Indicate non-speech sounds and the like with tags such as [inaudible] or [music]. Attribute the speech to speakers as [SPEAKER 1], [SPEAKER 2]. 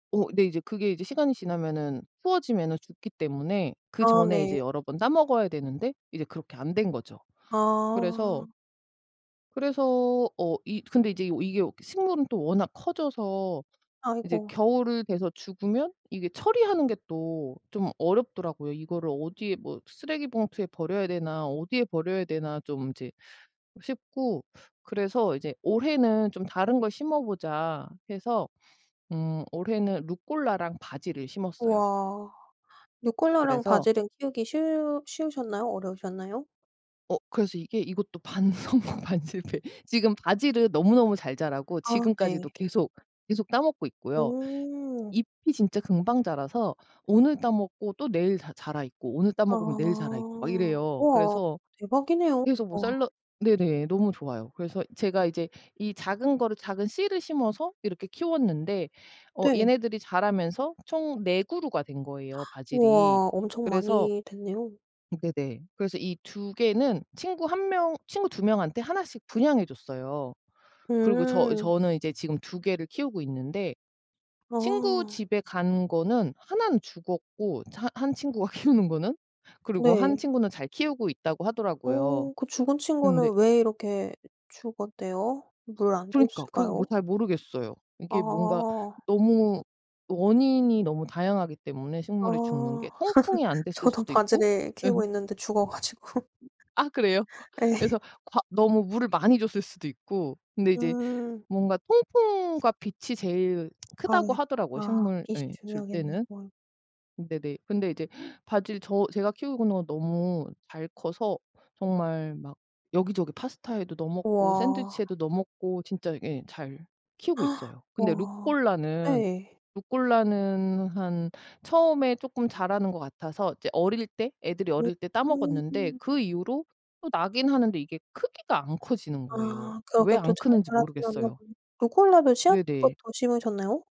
[SPEAKER 1] 어. 네 이제 그게 이제 시간이 지나면은 추워지면은 죽기 때문에 그
[SPEAKER 2] 아
[SPEAKER 1] 전에 이제
[SPEAKER 2] 네.
[SPEAKER 1] 여러 번 따 먹어야 되는데 이제 그렇게 안 된 거죠. 그래서
[SPEAKER 2] 아.
[SPEAKER 1] 그래서 어 이 근데 이제 이게 식물은 또 워낙 커져서 이제
[SPEAKER 2] 아이고.
[SPEAKER 1] 겨울을 돼서 죽으면 이게 처리하는 게 또 좀 어렵더라고요. '이거를 어디에 뭐 쓰레기 봉투에 버려야 되나. 어디에 버려야 되나.' 좀 이제 싶고 그래서 이제 '올해는 좀 다른 걸 심어보자.' 해서 음 올해는 루꼴라랑 바질을 심었어요.
[SPEAKER 2] 와. 루꼴라랑
[SPEAKER 1] 그래서
[SPEAKER 2] 바질은 키우기 쉬우 쉬우셨나요? 어려우셨나요?
[SPEAKER 1] 어. 그래서 이게 이것도 반 성공 반 실패. 지금 바질은 너무너무 잘 자라고
[SPEAKER 2] 아.
[SPEAKER 1] 지금까지도
[SPEAKER 2] 네.
[SPEAKER 1] 계속, 계속 따 먹고 있고요.
[SPEAKER 2] 오.
[SPEAKER 1] 잎이 진짜 금방 자라서 오늘 따 먹고 또 내일 자 자라 있고 오늘 따
[SPEAKER 2] 아.
[SPEAKER 1] 먹으면 내일 자라 있고 막 이래요.
[SPEAKER 2] 우와.
[SPEAKER 1] 그래서,
[SPEAKER 2] 대박이네요
[SPEAKER 1] 그래서 뭐
[SPEAKER 2] 우와.
[SPEAKER 1] 샐러 네네. 너무 좋아요. 그래서 제가 이제 이 작은 거를 작은 씨를 심어서 이렇게 키웠는데 어
[SPEAKER 2] 네.
[SPEAKER 1] 얘네들이 자라면서 총 4 그루가 된 거예요
[SPEAKER 2] [gasps]
[SPEAKER 1] 바질이.
[SPEAKER 2] 우와. 엄청
[SPEAKER 1] 그래서
[SPEAKER 2] 많이 됐네요.
[SPEAKER 1] 네네. 그래서 이 2 개는 친구 1 명 친구 2 명한테 1 씩 분양해 줬어요. 그리고 저
[SPEAKER 2] 음.
[SPEAKER 1] 저는 이제 지금 2 개를 키우고 있는데 친구
[SPEAKER 2] 아.
[SPEAKER 1] 집에 간 거는 1 는 죽었고 이제 한 한 친구가 키우는 거는. 그리고 1
[SPEAKER 2] 네.
[SPEAKER 1] 친구는 '잘 키우고 있다.'고 하더라고요.
[SPEAKER 2] 어. 그 죽은
[SPEAKER 1] 근데
[SPEAKER 2] 친구는 왜 이렇게 죽었대요? 물 안
[SPEAKER 1] 그러니까 그거 뭐
[SPEAKER 2] 줬을까요?
[SPEAKER 1] 잘 모르겠어요. 이게 뭔가
[SPEAKER 2] 아.
[SPEAKER 1] 너무 원인이 너무 다양하기 때문에
[SPEAKER 2] 아.
[SPEAKER 1] 식물이 죽는 게
[SPEAKER 2] [laughs]
[SPEAKER 1] 통풍이 안 됐을
[SPEAKER 2] 저도
[SPEAKER 1] 수도 있고
[SPEAKER 2] 바질을 키우고
[SPEAKER 1] 음.
[SPEAKER 2] 있는데 죽어 가지고.
[SPEAKER 1] 아 그래요? 어
[SPEAKER 2] 예. [laughs]
[SPEAKER 1] 그래서 과 너무 물을 많이 줬을 수도 있고 근데 이제
[SPEAKER 2] 음.
[SPEAKER 1] 뭔가 통풍과 빛이 제일
[SPEAKER 2] 아
[SPEAKER 1] 크다고
[SPEAKER 2] 예.
[SPEAKER 1] 하더라고요
[SPEAKER 2] 아
[SPEAKER 1] 식물
[SPEAKER 2] 빛이
[SPEAKER 1] 예 줄
[SPEAKER 2] 중요하겠네.
[SPEAKER 1] 때는.
[SPEAKER 2] 월
[SPEAKER 1] 으 네네. 근데 이제 바질 저 제가 키우고 있는 거 너무 잘 커서 정말 막 여기저기 파스타에도 넣어 먹고
[SPEAKER 2] 우와.
[SPEAKER 1] 샌드위치에도 넣어 먹고 진짜 예 잘 키우고
[SPEAKER 2] [gasps]
[SPEAKER 1] 있어요. 근데
[SPEAKER 2] 우와.
[SPEAKER 1] 루꼴라는,
[SPEAKER 2] 네.
[SPEAKER 1] 루꼴라는 한 처음에 쪼끔 자라는 것 같아서 이제 어릴 때 애들이
[SPEAKER 2] 오.
[SPEAKER 1] 어릴 때 따 먹었는데
[SPEAKER 2] 오.
[SPEAKER 1] 그 이후로 또 나긴 하는데 이게 크기가 안 커지는 거예요.
[SPEAKER 2] 아.
[SPEAKER 1] 왜
[SPEAKER 2] 그러게 또
[SPEAKER 1] 안
[SPEAKER 2] 잘
[SPEAKER 1] 크는지
[SPEAKER 2] 자라진 않나
[SPEAKER 1] 모르겠어요.
[SPEAKER 2] 보네 루꼴라도 씨앗부터
[SPEAKER 1] 네네.
[SPEAKER 2] 심으셨나요?